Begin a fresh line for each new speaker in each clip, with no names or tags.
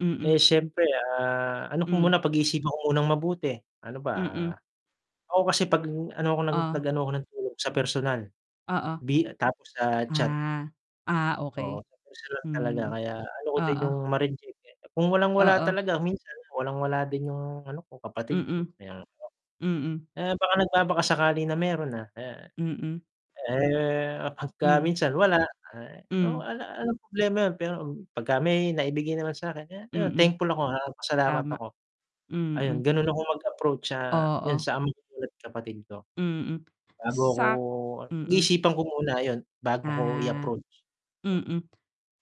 Mm.
Eh, siyempre, ah, ano ko
Mm.
muna, pag-iisipan ko munang mabuti, ano ba,
Mm.
ah, ako kasi 'pag ano 'ko nag nag
Ah.
ano ako ng tulong, sa personal,
Oo.
di tapos sa chat.
Ah, ah,
Oo,
okey.
minsan lang talaga
Hmm.
kaya ayoko din yung
Oo.
ma-reject, eh, kung walang-wala
Oo.
talaga, minsan walang-wala din yung ano ko, kapatid ko
Mm.
kaya,
Mm.
eh, baka nagbaba-kasakali na meron na, ah.
Mm.
Eh, 'pagka
Mhm.
minsan wala, eh, oo,
Mhm.
'ala 'alang problema yun pero, 'pagka may naibigay naman sa'kin, kaya ayun
Mm,
thankful ako, ah, pasalamat
tama.
ako. Ayun
Mm.
ganun akong mag-approach sa, yun
Oo.
sa, ama ko at kapatid ko.
Mm.
Bago ako,
Sa'k mm.
pag-iisipan ko muna ayun, bago ko
Ah.
i-approach.
Mm.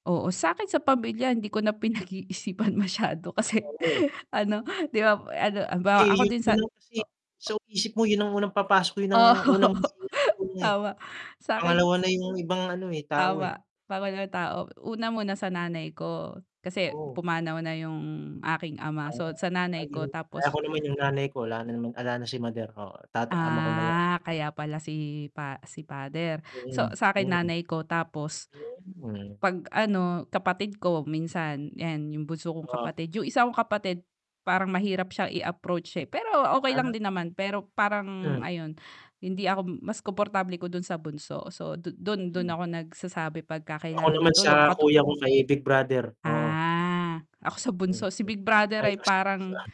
Oo, sa'kin sa pamilya hindi ko na pinag-iisipan masyado kasi
Oo.
ano, 'di ba ano halimbawa ako
Kasi yun
din sa
yun na
o
kasi, sa
o
isip mo yun ang unang papasok, yun
Oh.
ang unang [unintelligible] ng tulong, eh.
Tama. Sakin
Pangalawa na yung ibang ano, eh, tao, eh.
tama [unintelligible] na tao. Una muna sa nanay ko kasi
Oo.
pumanaw na yung aking ama,
Ah,
so sa nanay ko
ayun. Eh,
tapos
ako naman yung nanay ko, wala naman 'ala na si mother, oo tata ama ko na lang.
Ah, kaya pala si pa si father. So
Mm,
sa'kin
hmm.
nanay ko tapos
Mhm.
'pag ano, kapatid ko minsan 'yan yung bunso kong
Oo.
kapatid, yung isa kong kapatid parang mahirap siyang i-approach siya, eh, pero okey lang
Ah.
din naman pero parang
Hmm.
ayon, hindi ako mas komportable ko dun sa bunso so du dun dun
Mhm.
ako nagsasabi 'pagka
Ako
kailangan ng
naman sa
tulong katu
kuya ko, kay big brother, oo.
Ah, ako sa bunso,
Mm.
si big brother
Ay
ay parang
[unintelligible]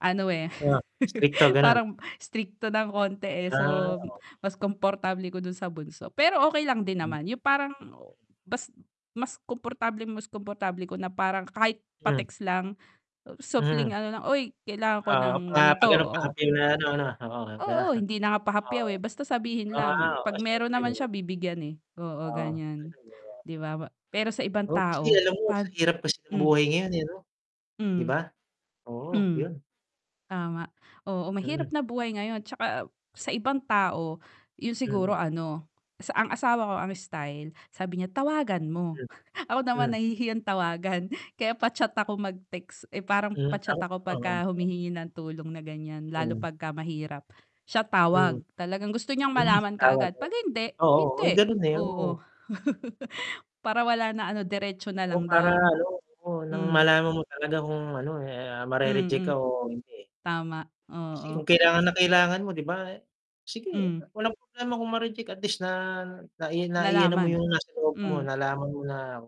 ano, eh,
Ah, istrikto ganon.
parang istrikto ng konti, eh, so
Ah, oo.
mas komportable ko dun sa bunso, pero okey lang din
Hmm.
naman, yung parang mas mas komportableng, mas komportable ko na parang kahit
Mm.
pa-text lang, supling
Mm.
ano lang, "Oy kailangan ko
Oo
ng
mga pa
ganito,
ganon
oh"
paapi na ano 'no, oo, 'di ba?
oo, hindi na nga pahapyaw,
Oo.
eh, basta sabihin
O ah,
lang
oh,
'pag meron
siyempre
naman
naman.
siya bibigyan, eh, oo
Oo,
ganiyan.
[unintelligible]
'Di ba, pero sa ibang
Oh, kasi
tao
alam mo
'pag
sa hirap kasi ng
hmm.
buhay ngayon, eh, 'no. 'Di
Mhm.
ba, oo
Mhm.
'yon.
Tama, oo mahirap
Mm.
na buhay ngayon 'tsaka sa ibang tao, yun siguro
Mm.
ano sa ang asawa ko ang style sabi niya, "Tawagan mo."
M,
Ako naman
hmm.
nahihiyang tawagan, kaya pa-chat ako mag-text, eh, parang
Hmm
pa-chat
ako
ako
oo,
'pagka
o.
humihingi ng tulong na ganiyan lalo
Mhm.
'pagka mahirap. Siya tawag,
Mm.
talagang gusto niyang
Hmm,
malaman
tawag
kaagad 'pag hindi,
oo, oo
hindi,
ganun, eh,
oo.
oo.
Para wala na ano, diretso na
Oo
lang
para
daw.
ano, nang
Mhm.
malaman mo talaga kung ano, eh, ah, ma-re-reject ka
Mm.
o hindi.
Tama,
Kasi kung
oo.
kailangan na kailangan mo 'di ba? Sige,
Mhm.
walang problema kung ma-reject at least na nai nai ano mo
Nalaman,
yung nasa loob mo,
mhm.
nalaman mo na